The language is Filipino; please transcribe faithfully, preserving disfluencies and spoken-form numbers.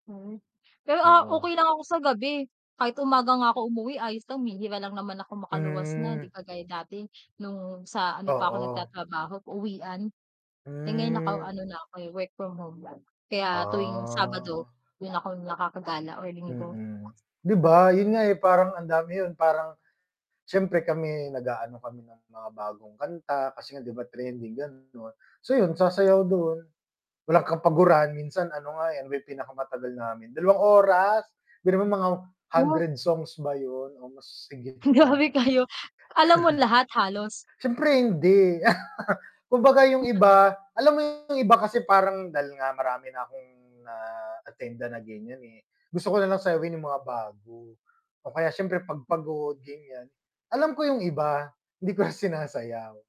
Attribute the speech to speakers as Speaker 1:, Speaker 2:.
Speaker 1: Hmm. Pero ah,
Speaker 2: Oo.
Speaker 1: okey lang ako sa gabi, kahit umaga nga ako umuwi ayos lang mihira lang naman akong makaluwas na, hindi
Speaker 2: Hmm.
Speaker 1: kagaya dati nung sa ano pa ako
Speaker 2: Oo.
Speaker 1: nagta-trabaho uwian. Eh, ngayon
Speaker 2: Hmm.
Speaker 1: naka-ano na ako eh, work-from-home na, kaya, tuwing Sabado,
Speaker 2: Ah.
Speaker 1: dun ako nakakagala or Linggo.
Speaker 2: Mm, 'di ba yun nga eh, parang ang dami yun parang, siyempre kami nag-aano kami ng mga bagong kanta kasi nga 'di ba trending ganon, so yun sasayaw dun, walang kapagurahan minsan ano nga eh, may pinakamatagal namin, dalawang oras biruin mo mga
Speaker 1: Oo.
Speaker 2: hundred songs ba yun o mas higit pa.
Speaker 1: Grabe kayo alam mo lahat, halos?
Speaker 2: Siyempre hindi kumbaga yung iba, alam mo yung iba kasi parang dal nga marami na akong na-attendan na ganyan eh, gusto ko nalang sayawin yung mga bago. O kaya siyempre, 'pag pagod ganyan, alam ko yung iba, hindi ko na sinasayaw.